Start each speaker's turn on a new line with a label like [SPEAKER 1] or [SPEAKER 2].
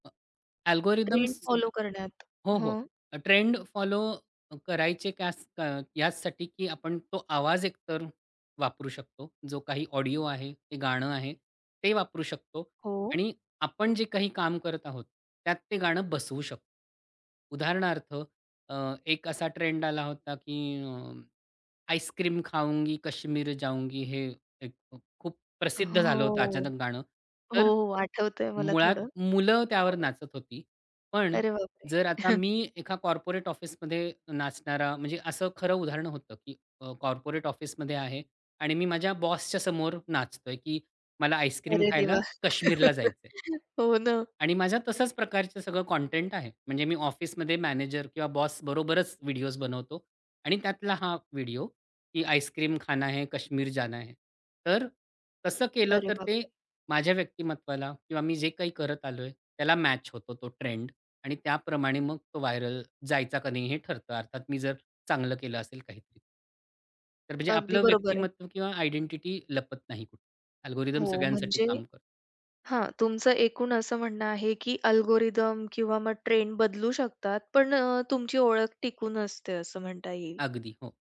[SPEAKER 1] अ,
[SPEAKER 2] trend
[SPEAKER 1] algorithms
[SPEAKER 2] follow करण्यात.
[SPEAKER 1] हो, हो.
[SPEAKER 2] हं.
[SPEAKER 1] अ ट्रेंड फॉलो करायचे कयास अ, याचसाठी, की आपण तो आवाज एकतर वापरू शकतो, जो काही ऑडिओ आहे, ते गाणं आहे, ते वापरू शकतो
[SPEAKER 2] हो.
[SPEAKER 1] आणि आपण जे काही काम करत आहोत, त्यात ते गाणं बसवू शकतो. उदाहरणार्थ अ, एक असा ट्रेंड आला होता, की अ, आईस्क्रीम खाऊंगी, कश्मीर जाऊंगी हे एक अ, खूप प्रसिद्ध
[SPEAKER 2] हो,
[SPEAKER 1] झालं होतं अचानक गाणं.
[SPEAKER 2] हो,
[SPEAKER 1] तर
[SPEAKER 2] हो, आठवतंय मला
[SPEAKER 1] मुळात
[SPEAKER 2] थोडं.
[SPEAKER 1] मुलं त्यावर
[SPEAKER 2] हो.
[SPEAKER 1] नाचत होती. पण
[SPEAKER 2] अरे बापरे!
[SPEAKER 1] जर आता मी एका कॉर्पोरेट ऑफिसमध्ये नाचणारा म्हणजे असं खरं उदाहरण होतं, की अ, कॉर्पोरेट ऑफिसमध्ये आहे आणि मी माझ्या बॉसच्या समोर नाचतोय, की मला आईस्क्रीम
[SPEAKER 2] अरे देवा!
[SPEAKER 1] खायला काश्मीरला जायचंय.
[SPEAKER 2] हो ना.
[SPEAKER 1] आणि माझ्या तशाच प्रकारचं सगळं कॉटेंट आहे, म्हणजे मी ऑफिसमध्ये मॅनेजर किंवा बॉसबरोबरच व्हिडिओज बनवतो आणि त्यातला हा व्हिडिओ, की आईस्क्रीम खाना है, काश्मीर जाना है. तर तसं केलं,
[SPEAKER 2] अरे
[SPEAKER 1] तर ते
[SPEAKER 2] बापरे!
[SPEAKER 1] माझ्या व्यक्तिमत्त्वाला किंवा मी जे काही करत आलोय त्याला मॅच होतो तो ट्रेंड आणि त्याप्रमाणे मग तो व्हायरल जायचा का नाही हे ठरतं. अर्थात मी जर चांगलं केलं असेल काहीतरी. तर म्हणजे
[SPEAKER 2] अगदी
[SPEAKER 1] आपलं
[SPEAKER 2] बरोबर आहे.
[SPEAKER 1] व्यक्तिमत्व किंवा आयडेंटिटी लपत नाही कुठे अल्गोरिदम्स
[SPEAKER 2] हो,
[SPEAKER 1] सगळ्यांसाठी
[SPEAKER 2] म्हणजे
[SPEAKER 1] काम करतो.
[SPEAKER 2] हां, तुमचं एकूण असं म्हणणं आहे, की अल्गोरिदम किंवा मग ट्रेंड बदलू शकतात, पण अ, तुमची ओळख टिकून असते असं म्हणता येईल.
[SPEAKER 1] अगदी, हो.